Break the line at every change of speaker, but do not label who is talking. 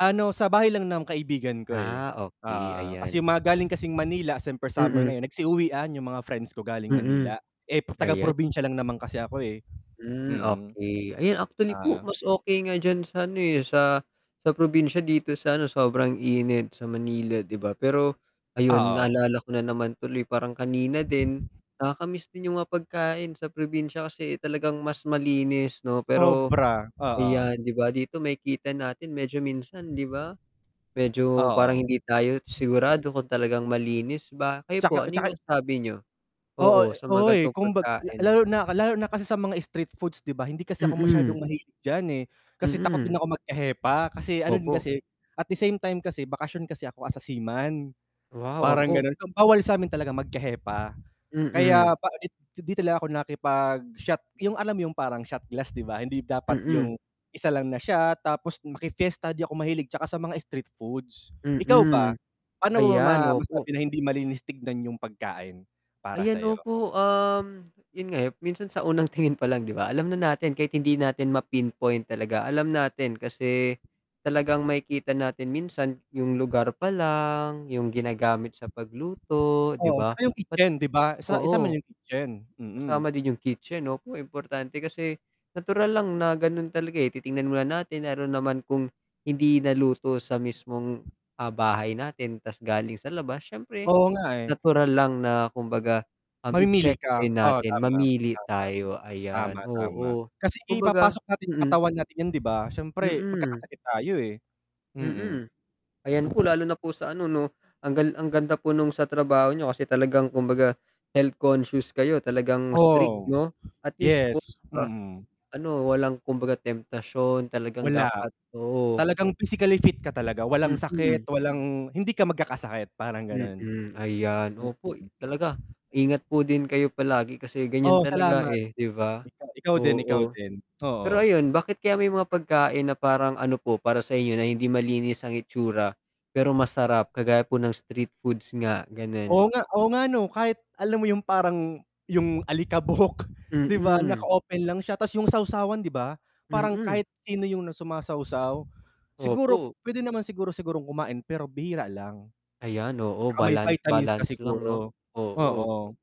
Ano, sa bahay lang ng kaibigan ko, eh.
Ah, okey
Oo. Kasi
ayan.
'yung mga galing kasing Manila, siyempre summer
Mm.
ngayon, nagsi-uwian, 'yung mga friends ko galing
Mm,
Manila. Eh, pro taga
ayan.
probinsiya lang naman kasi ako, eh,
Hmm,
mm.
okey. Ayan, actually
Oo.
po mas okey nga diyan sa ano, eh, sa sa probinsiya, dito sa ano, sobrang init sa Manila, 'di ba. Pero ayun,
Oo.
naalala ko na naman tuloy parang kanina din, nakaka-miss din 'yung mga pagkain sa probinsiya kasi talagang mas malinis 'no. Pero
Sobra, oo.
ayan, 'di ba, dito makikita natin medyo minsan 'di ba, medyo parang
Oo.
hindi tayo sigurado kung talagang malinis ba. Kayo
'Tsaka
po, ano 'yung
'tsaka.
masasabi niyo?
Oo,
Oo,
eh
sa
oo,
mga
eh.
gan'tong
Kumbag la
pagkain.
lalo na lalo na kasi sa mga street foods, 'di ba, hindi kasi ako
Mm.
masyadong mahilig diyan, eh. Kasi takot din
Mm.
ako magka-hepa, kasi ano din
Opo.
kasi at the same time kasi bakasyon kasi ako as a seaman,
Wow,
parang
opo.
gano'n. Um, bawal sa'min talaga magka-hepa,
Mm.
kaya pa pangit, hindi talaga ako nakipag-shot, 'yung alam mo 'yung parang shot glass, 'di ba, hindi dapat
Mm.
'yung isa lang na shot. Tapos maki-fiesta, di ako mahilig, 'tsaka sa mga street foods. Ikaw
Mm.
ba, paano mo
Ayan,
ma
opo.
masabi na hindi malinis tignan 'yung pagkain, para
Ayan,
sa 'yo?
opo. Um, 'yun nga, eh, minsan sa unang tingin palang, di ba, alam na natin kahit hindi natin ma-pinpoint talaga. Alam natin kasi, talagang makikita natin minsan 'yung lugar palang, 'yung ginagamit sa pagluto, 'di
Oo,
ba?
'tsaka 'yung
Ba't
kitchen 'di ba, isa isama
oo.
'yung kitchen,
Kasama
mm.
din 'yung kitchen 'no, naku, importante kasi natural lang na gano'n talaga, eh, titingnan mo natin, lalo naman kung hindi naluto sa mismong, ah, bahay natin ta's galing sa labas, siyempre
Oo nga, eh.
natural lang na kumbaga, um, i-check
Mamimili ka,
din
oo,
natin,
tama,
mamili
tama.
tayo, ayan,
Tama, tama,
oo.
kasi
Kumbaga
ipapasok natin sa
mm.
katawan natin 'yan, di ba, siyempre
Mm.
magkakasakit tayo, eh, mm.
Mm, ayan po, lalo na po sa ano 'no, ang gal ang ganda po nung sa trabaho niyo kasi talagang kumbaga, health conscious kayo, talagang strict
Oo.
'no, at least po,
Yes,
'di ba?
mm.
Ano walang kumbaga temptasyon talagang
Wala.
dapat oo.
Talagang physically fit ka talaga, walang sakit,
Mm.
walang hindi ka magkakasakit parang gano'n.
Mm, ayan.
Mm.
Opo, talaga. Ingat po din kayo palagi, kasi ganiyan
Oh,
talaga,
salamat.
eh, 'di ba?
Ikaw ikaw din ikaw
Oo.
din,
Pero
oo.
ayun, bakit kaya may mga pagkain na parang ano po, para sa inyo na hindi malinis ang itsura, pero masarap, kagaya po ng street foods nga, gano'n?
Oo nga oo nga 'no, kahit alam mo 'yung parang 'yung alikabok 'di ba,
Mm.
naka-open lang siya, tas 'yung sawsawan 'di ba, parang
Mm.
kahit sino 'yung 'no, sumasawsaw. Siguro,
Opo.
puwede naman siguro sigurong kumain pero bihira lang.
Ayan, oo,
'Tsaka may
balan
vitamins ka
balance lang 'no,
siguro,
oo.
oo.